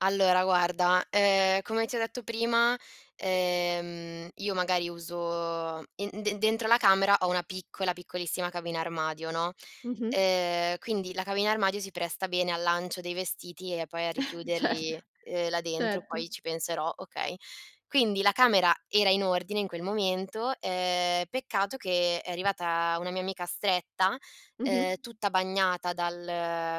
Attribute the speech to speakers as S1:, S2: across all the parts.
S1: Allora guarda, ehm, come ti ho detto prima, ehm, io magari uso in de dentro la camera ho una piccola, piccolissima cabina armadio, no?
S2: Mh-mh.
S1: Ehm, quindi la cabina armadio si presta bene al lancio dei vestiti e poi a
S2: Certo,
S1: richiuderli, uhm, là dentro,
S2: certo.
S1: poi ci penserò, okay. Quindi la camera era in ordine in quel momento, ehm, peccato che è arrivata una mia amica stretta,
S2: Mh-mh.
S1: ehm, tutta bagnata dal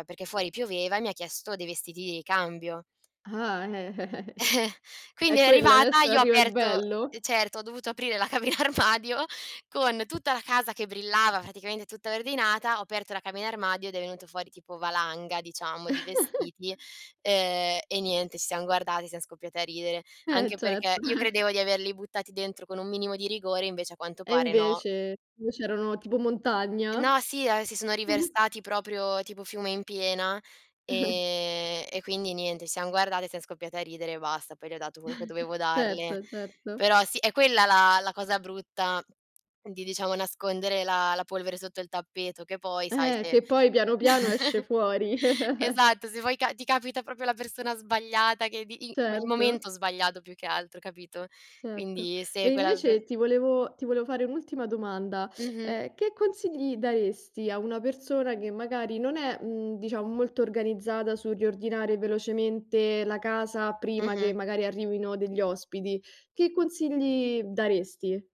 S1: perché fuori pioveva e mi ha chiesto dei vestiti di ricambio.
S2: Ah! Eh! È
S1: Quindi è
S2: quello
S1: arrivata,
S2: adesso
S1: io ho
S2: arriva il
S1: aperto uhm,
S2: bello.
S1: certo ho dovuto aprire la cabina armadio con tutta la casa che brillava praticamente tutta ordinata, ho aperto la cabina armadio ed è venuto fuori tipo valanga diciamo di vestiti, ehm, e niente, ci siamo guardate, siam scoppiati a ridere.
S2: Eh
S1: Anche perché
S2: certo.
S1: io
S2: Eh.
S1: credevo di averli buttati dentro con un minimo di rigore, invece a quanto
S2: E
S1: pare no.
S2: invece invece erano, tipo montagna?
S1: No, sì, ah, si sono riversati proprio tipo fiume in piena, ehm, e quindi niente, ci siam guardate e siam scoppiate a ridere e basta. Poi le ho dato quello che dovevo darle.
S2: Certo, certo.
S1: Però sì è quella la la cosa brutta di diciamo nascondere la la polvere sotto il tappeto che poi sai
S2: Eh!
S1: se
S2: Che poi piano piano esce fuori.
S1: Esatto, se vuoi ca ti capita proprio la persona sbagliata che di il
S2: Certo.
S1: momento sbagliato più che altro, capito?
S2: Certo.
S1: Quindi
S2: E
S1: se quella per
S2: invece ti volevo ti volevo fare un'ultima domanda.
S1: Mh-mh.
S2: Eh, che consigli daresti a una persona che magari non è, mhmm, diciamo molto organizzata sul riordinare velocemente la casa prima
S1: Mh-mh.
S2: che magari arrivino degli ospiti, che consigli daresti?